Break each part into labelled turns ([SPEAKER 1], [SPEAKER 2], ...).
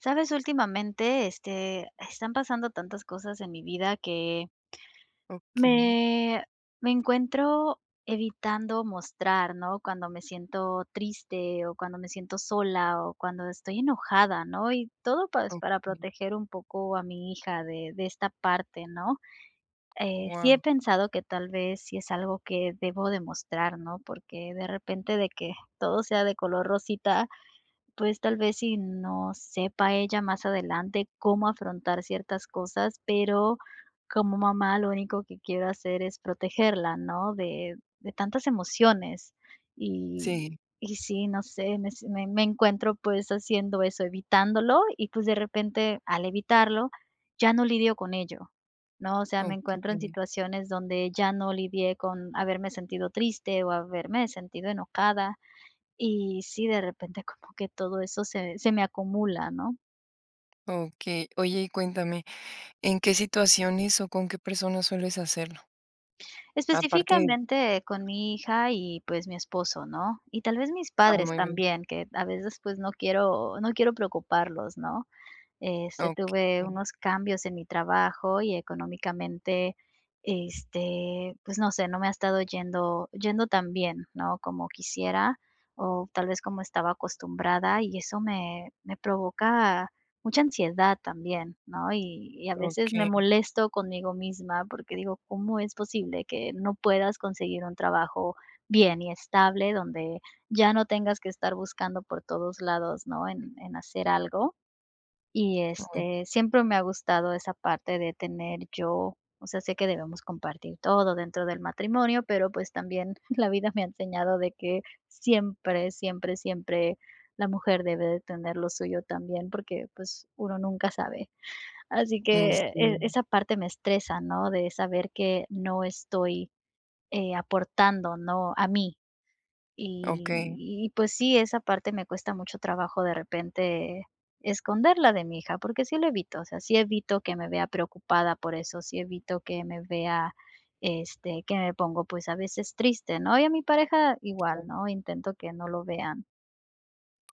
[SPEAKER 1] ¿Sabes? Últimamente, este, están pasando tantas cosas en mi vida que
[SPEAKER 2] Okey.
[SPEAKER 1] Me me encuentro, evitando mostrar, ¿no?, cuando me siento triste, o cuando me siento sola, o cuando estoy enojada, ¿no? Y, todo, pues, para
[SPEAKER 2] Okey.
[SPEAKER 1] proteger un poco, a mi hija, de de esta parte, ¿no? Eh, sí he
[SPEAKER 2] Wao.
[SPEAKER 1] pensado, que tal vez, sí es algo, que debo de mostrar, ¿no? Porque, de repente, de que, todo sea de color rosita, pues, tal vez, sí, no sepa ella más adelante, cómo afrontar ciertas cosas. Pero, como mamá, lo único que quiero hacer, es protegerla, ¿no?, de de tantas emociones. Y
[SPEAKER 2] Sí.
[SPEAKER 1] y sí, no sé. Me se Me me encuentro, pues, haciendo eso, evitándolo. Y, pues, de repente, al evitarlo, ya no lidio con ello, ¿no? O sea, me encuentro en
[SPEAKER 2] Okey.
[SPEAKER 1] situaciones, donde ya no lidié, con haberme sentido triste, o haberme sentido enojada. Y, sí, de repente, como que todo eso, se se me acumula, ¿no?
[SPEAKER 2] Okey. Oye, y cuéntame, ¿en qué situaciones, o con qué personas, sueles hacerlo? Aparte
[SPEAKER 1] Específicamente con mi hija y, pues, mi esposo, ¿no?, y tal vez mis
[SPEAKER 2] Ah,
[SPEAKER 1] padres
[SPEAKER 2] muy bien.
[SPEAKER 1] también, que a veces, pues, no quiero no quiero preocuparlos, ¿no? Este, tuve
[SPEAKER 2] Okey.
[SPEAKER 1] unos cambios en mi trabajo y económicamente, este, pues no sé, no me ha estado yendo yendo tan bien, ¿no?, como quisiera o tal vez como estaba acostumbrada y eso me me provoca mucha ansiedad también, ¿no?, y y a veces me
[SPEAKER 2] Okey.
[SPEAKER 1] molesto conmigo misma porque digo: "¿Cómo es posible que no puedas conseguir un trabajo bien y estable donde ya no tengas que estar buscando por todos lados?", ¿no?, en en hacer algo, y
[SPEAKER 2] Uy.
[SPEAKER 1] este, siempre me ha gustado esa parte de tener yo, o sea, sé que debemos compartir todo dentro del matrimonio, pero, pues, también la vida me ha enseñado de que siempre, siempre, siempre la mujer debe de tener lo suyo también porque, pues, uno nunca sabe. Así
[SPEAKER 2] Ay,
[SPEAKER 1] que, eh,
[SPEAKER 2] sí.
[SPEAKER 1] esa parte me estresa, ¿no?, de saber que no estoy, eh, aportando, ¿no?, a mí,
[SPEAKER 2] Okey.
[SPEAKER 1] y y, pues, sí, esa parte me cuesta mucho trabajo de repente esconderla de mi hija, porque sí lo evito, o sea, sí evito que me vea preocupada por eso, sí evito que me vea, este, que me pongo, pues, a veces triste, ¿no?, y a mi pareja igual,
[SPEAKER 2] [unintelligible]
[SPEAKER 1] ¿no?, intento que no lo vean.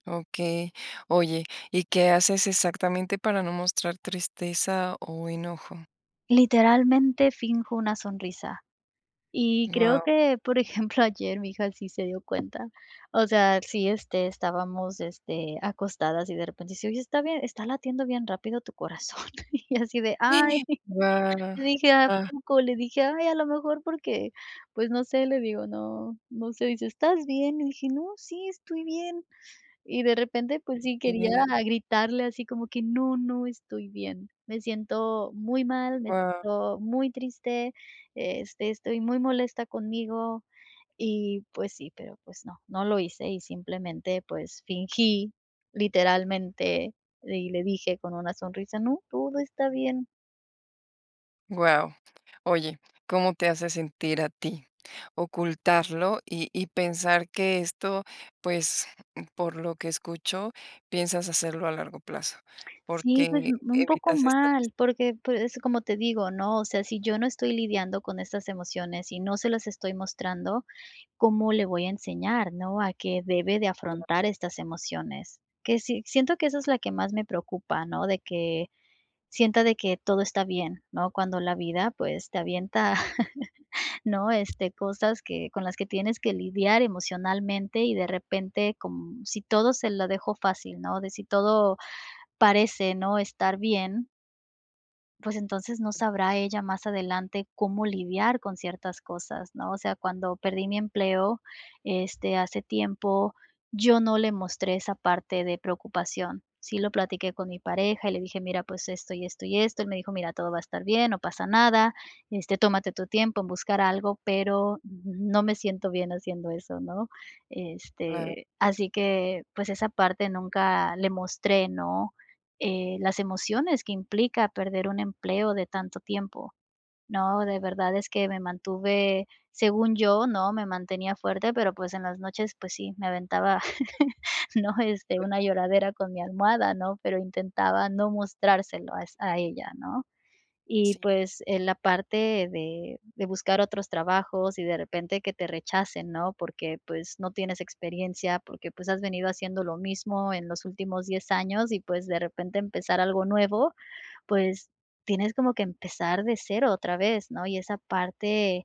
[SPEAKER 2] Okey, oye, ¿y qué haces exactamente para no mostrar tristeza o enojo?
[SPEAKER 1] Literalmente, finjo una sonrisa. Y creo
[SPEAKER 2] Wao.
[SPEAKER 1] que, por ejemplo, ayer mi hija sí se dio cuenta. O sea, sí, este, estábamos, este, acostadas y de repente dice: "Oye, está bien está latiendo bien rápido tu corazón", y así de: "Ay"
[SPEAKER 2] ¡Gua
[SPEAKER 1] le dije: "¿A
[SPEAKER 2] Ah!
[SPEAKER 1] poco?", le dije: "Ay, a lo mejor porque, pues no sé", le digo: "No, no sé", dice: "¿Estás bien?", le dije: "No, sí, estoy bien". Y de repente, pues sí, quería
[SPEAKER 2] Eh
[SPEAKER 1] gritarle así como que: "No, no estoy bien". Me siento muy mal, me siento
[SPEAKER 2] Wao.
[SPEAKER 1] muy triste, este, estoy muy molesta conmigo y, pues sí, pero, pues no, no lo hice y, simplemente, pues fingí literalmente y le dije con una sonrisa: "No, todo está bien".
[SPEAKER 2] Guau. Oye, ¿cómo te hace sentir a ti ocultarlo y y pensar que esto, pues, por lo que escucho, piensas hacerlo a largo plazo?
[SPEAKER 1] Sí, pues,
[SPEAKER 2] ¿Porque
[SPEAKER 1] u un poco
[SPEAKER 2] evitas esta? [unintelligible]
[SPEAKER 1] mal, porque, pues, es como te digo, ¿no? O sea, si yo no estoy lidiando con estas emociones y no se las estoy mostrando, ¿cómo le voy a enseñar, no? A qué debe de
[SPEAKER 2] Gua
[SPEAKER 1] afrontar, estas emociones. Que sí siento que eso es la que más me preocupa, ¿no? De que sienta de que todo está bien, ¿no? Cuando la vida, pues, te avienta, ¿no? Este, cosas que con las que tienes que lidiar emocionalmente y de repente con si todo se lo dejo fácil, ¿no? De si todo parece, ¿no?, estar bien pues, entonces no sabrá ella más adelante cómo lidiar con ciertas cosas, ¿no? O sea, cuando perdí mi empleo, este, hace tiempo, yo no le mostré esa parte de preocupación. Sí lo platiqué con mi pareja y le dije: "Mira, pues esto y esto y esto", el me dijo: "Mira, todo va a estar bien, no pasa nada, este, tómate tu tiempo en buscar algo", pero n no me siento bien haciendo eso, ¿no?
[SPEAKER 2] Cla
[SPEAKER 1] Este, así que, pues esa parte nunca le mostré, ¿no? Eh, las emociones que implica perder un empleo de tanto tiempo, ¿no? De verdad es que me mantuve, según yo, ¿no?, me mantenía fuerte, pero pues en las noches, pues sí, me aventaba, ¿no? Este, una
[SPEAKER 2] [unintelligible]
[SPEAKER 1] lloradera con mi almohada, ¿no? Pero intentaba no mostrárselo a es a ella, ¿no? Y,
[SPEAKER 2] Sí.
[SPEAKER 1] pues, en la parte de de buscar otros trabajos y de repente que te rechacen, ¿no? Porque, pues, no tienes experiencia, porque, pues, has venido haciendo lo mismo en los últimos 10 años y, pues, de repente empezar algo nuevo, pues, tienes como que empezar de cero otra vez, ¿no? Y esa parte,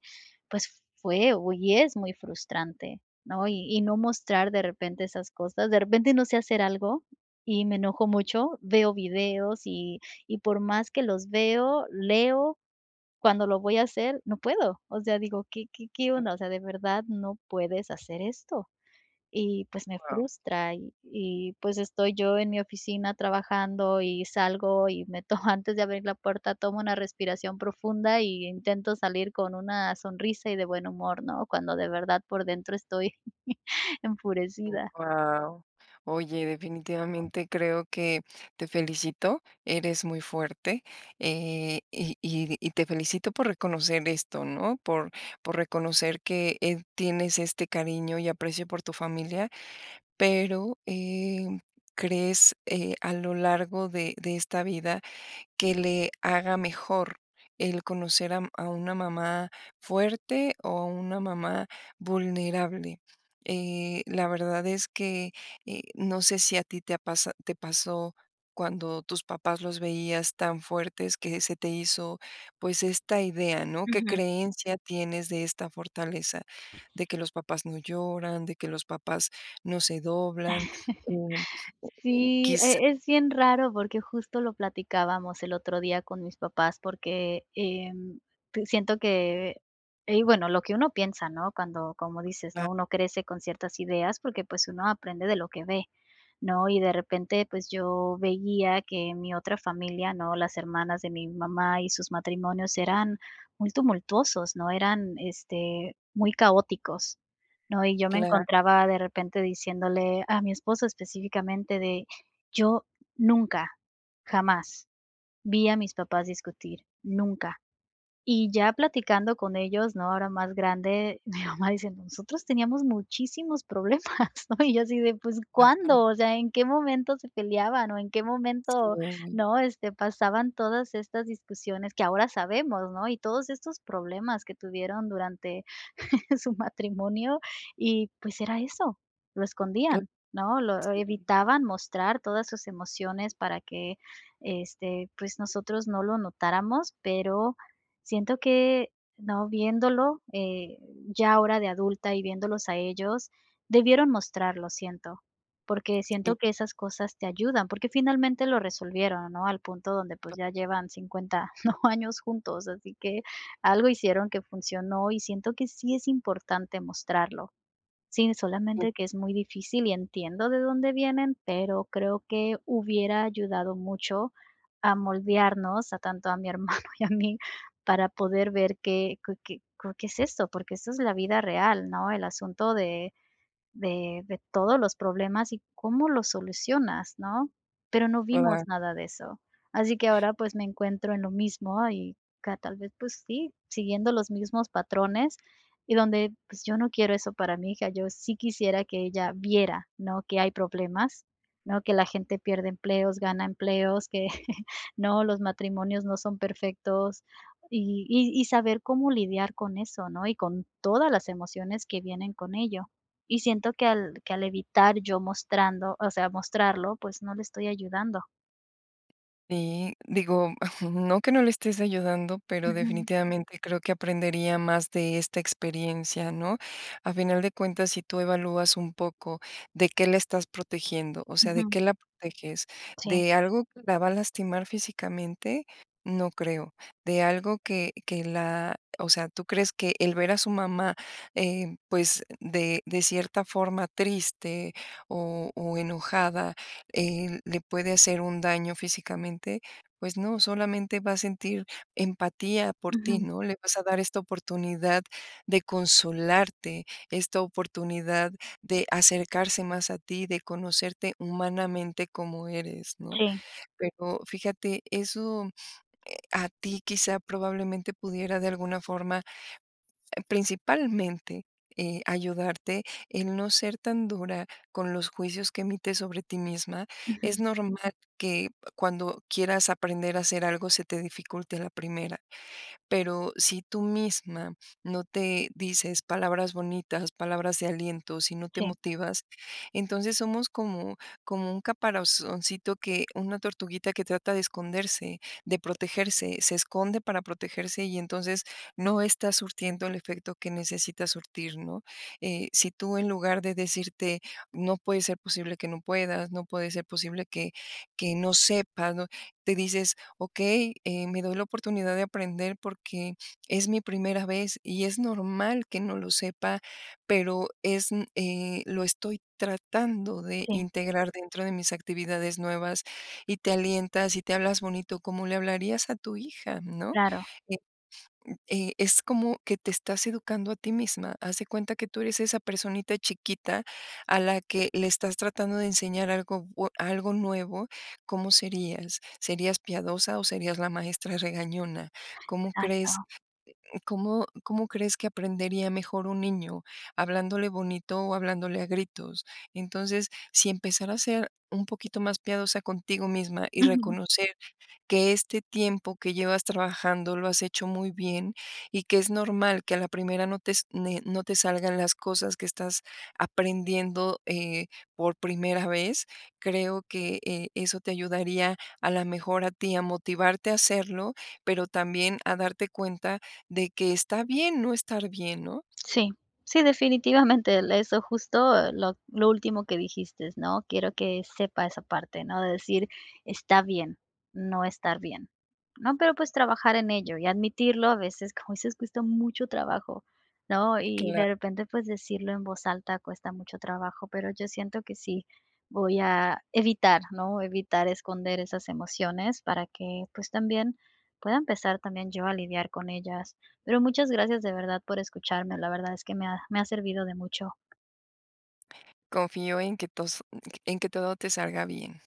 [SPEAKER 1] pues fue u y es muy frustrante, ¿no? Y y no mostrar de repente esas cosas. De repente no sé hacer algo y me enojo mucho, veo videos y y por más que los veo, leo, cuando lo voy a hacer no puedo. O sea, digo: "¿Qué qué qué
[SPEAKER 2] E
[SPEAKER 1] onda? O sea, de verdad no puedes hacer esto". Y pues me
[SPEAKER 2] Wao.
[SPEAKER 1] frustra y y pues estoy yo en mi oficina trabajando y salgo y meto, antes de abrir la puerta, tomo una respiración profunda y intento salir con una sonrisa y de buen humor, ¿no? Cuando de verdad por dentro estoy
[SPEAKER 2] Mm,
[SPEAKER 1] enfurecida.
[SPEAKER 2] wao. Oye, definitivamente creo que te felicito, eres muy fuerte, eh, y y y te felicito por reconocer esto, ¿no? Por por reconocer que, eh, tienes este cariño y aprecio por tu familia, pero, em, ¿crees, eh, a lo largo de de esta vida que le haga mejor el conocer a u a una mamá fuerte o a una mamá vulnerable? Eh, la verdad es que, eh, no sé si a ti te ha pasa te pasó cuando tus papás los veías tan fuertes que se te hizo, pues, esta idea, ¿no? ¿Qué
[SPEAKER 1] Ujú.
[SPEAKER 2] creencia tienes de esta fortaleza? De que los papás no lloran, de que los papás no se doblan. Eh,
[SPEAKER 1] Sí.
[SPEAKER 2] quizá
[SPEAKER 1] E es bien raro, porque justo lo platicábamos el otro día con mis papás, porque, em, te siento que, ey bueno, lo que uno piensa, ¿no? Cuando, como dices, ¿no?,
[SPEAKER 2] Clar
[SPEAKER 1] uno crece con ciertas ideas porque, pues, uno aprende de lo que ve, ¿no? Y de repente, pues, yo veía que en mi otra familia, ¿no? Las hermanas de mi mamá y sus matrimonios eran muy tumultuosos, ¿no? Eran, este, muy caóticos, ¿no? Y yo me
[SPEAKER 2] Clar
[SPEAKER 1] encontraba de repente diciéndole a mi esposo específicamente de: "Yo nunca, jamás vi a mis papás discutir, nunca". Y ya platicando con ellos, ¿no? Ahora más grande, mi mamá dice: "Nosotros teníamos muchísimos problemas", ¿no? Y yo así de, "pues,
[SPEAKER 2] Claro.
[SPEAKER 1] ¿cuándo?" O sea, ¿en qué momento se peleaban o en qué momento?,
[SPEAKER 2] Sí.
[SPEAKER 1] ¿no? Este, pasaban todas estas discusiones que ahora sabemos, ¿no? Y todos estos problemas que tuvieron durante su matrimonio y, pues, era eso, lo
[SPEAKER 2] Cl
[SPEAKER 1] escondían, ¿no? Lo
[SPEAKER 2] sí.
[SPEAKER 1] evitaban mostrar todas sus emociones para que, este, pues, nosotros no lo notáramos, pero siento que no viéndolo, eh, ya ahora de adulta y viéndolos a ellos, debieron mostrarlo, siento, porque
[SPEAKER 2] Sí.
[SPEAKER 1] siento que esas cosas te ayudan, porque finalmente lo resolvieron, ¿no? Al punto donde, pues ya
[SPEAKER 2] [unintelligible]
[SPEAKER 1] llevan 50 ¿no?, años juntos, así que algo hicieron que funcionó y siento que sí es importante mostrarlo. Sí,
[SPEAKER 2] Y
[SPEAKER 1] solamente que es muy difícil y entiendo de dónde vienen, pero creo que hubiera ayudado mucho a moldearnos a tanto a mi hermano y a mí para poder ver qué qué qué qué es esto, porque eso es la vida real, ¿no? El asunto de de de todos los problemas y cómo lo solucionas, ¿no? Pero no
[SPEAKER 2] Cla
[SPEAKER 1] vimos nada de eso. Así que ahora, pues, me encuentro en lo mismo y, ca tal vez, pues, sí, siguiendo los mismos patrones y donde, pues, yo no quiero eso para mi hija, yo sí quisiera que ella viera, ¿no? Que hay problemas, ¿no? Que la gente pierde empleos, gana empleos, que, ¿no? Los matrimonios no son perfectos y y y saber cómo lidiar con eso, ¿no? Y con todas las emociones que vienen con ello. Y siento que al que al evitar yo mostrando, o sea, mostrarlo, pues no le estoy ayudando.
[SPEAKER 2] Y, digo, no que no le estés ayudando, pero
[SPEAKER 1] Ujú.
[SPEAKER 2] definitivamente creo que aprendería más de esta experiencia, ¿no? A final de cuentas, si tú evalúas un poco, ¿de qué la estás protegiendo? O sea, ¿de
[SPEAKER 1] Ujú.
[SPEAKER 2] qué la proteges?
[SPEAKER 1] Sí.
[SPEAKER 2] ¿De algo que la va a lastimar físicamente? No creo, ¿de algo que que la o sea, tú crees que el ver a su mamá, eh, pues, de de cierta forma triste o o enojada, eh, le puede hacer un daño físicamente? Pues no, solamente va a sentir empatía por ti,
[SPEAKER 1] Ujú.
[SPEAKER 2] ¿no? Le vas a dar esta oportunidad de consolarte, esta oportunidad de acercarse más a ti, de conocerte humanamente como eres, ¿no?
[SPEAKER 1] Sí.
[SPEAKER 2] Pero fíjate, eso, eh, a ti quizá probablemente pudiera de alguna forma, principalmente, eh, ayudarte en no ser tan dura con los juicios que emites sobre ti misma. Es
[SPEAKER 1] Ujú.
[SPEAKER 2] normal que, cuando quieras aprender a hacer algo, se te dificulte a la primera. Pero si tú misma no te dices palabras bonitas, palabras de aliento, si no te
[SPEAKER 1] Sí.
[SPEAKER 2] motivas, entonces somos como como un caparazoncito que, una tortuguita que trata de esconderse, de protegerse, se esconde para protegerse y entonces no está surtiendo el efecto que necesita surtir, ¿no? Eh, si tú en lugar de decirte: "No puede ser posible que no puedas, no puede ser posible que que no sepas, ¿no?". Te dices: "Okey eh, me doy la oportunidad de aprender porque es mi primera vez y es normal que no lo sepa, pero es eh, lo estoy tratando de
[SPEAKER 1] Sí.
[SPEAKER 2] integrar dentro de mis actividades nuevas". Y te alientas, y te hablas bonito, como le hablarías a tu hija, ¿no?
[SPEAKER 1] Claro.
[SPEAKER 2] Eh, eh, es como que te estás educando a ti misma, haz de cuenta que tú eres esa personita chiquita a la que le estás tratando de enseñar algo bue algo nuevo, ¿cómo serías? ¿Serías piadosa o serías la maestra regañona? ¿Cómo
[SPEAKER 1] Exacto.
[SPEAKER 2] crees, cómo cómo crees que aprendería mejor un niño hablándole bonito o hablándole a gritos? Entonces, si empezar a ser un poquito más piadosa contigo misma y
[SPEAKER 1] Ujú.
[SPEAKER 2] reconocer que este tiempo que llevas trabajando lo has hecho muy bien, y que es normal que a la primera no te es ne no te salgan las cosas que estás aprendiendo, eh, por primera vez. Creo que, eh, eso te ayudaría a la mejor a ti, a motivarte a hacerlo, pero también a darte cuenta de que está bien no estar bien, ¿no?
[SPEAKER 1] Sí, sí, definitivamente, le eso justo lo lo último que dijiste ¿no? Quiero que sepa esa parte, ¿no? De decir: "Está bien, no estar bien, ¿no?". Pero, pues, trabajar en ello y admitirlo a veces, como dices, cuesta mucho trabajo, ¿no? Y
[SPEAKER 2] Cla
[SPEAKER 1] de repente, pues, decirlo en voz alta cuesta mucho trabajo, pero yo siento que sí, voy a evitar, ¿no? Evitar esconder esas emociones para que, pues también pueda empezar también yo a lidiar con ellas. Pero muchas gracias, de verdad, por escucharme. La verdad es que me ha me ha servido de mucho.
[SPEAKER 2] Confío en que tos mm, en que todo te salga bien.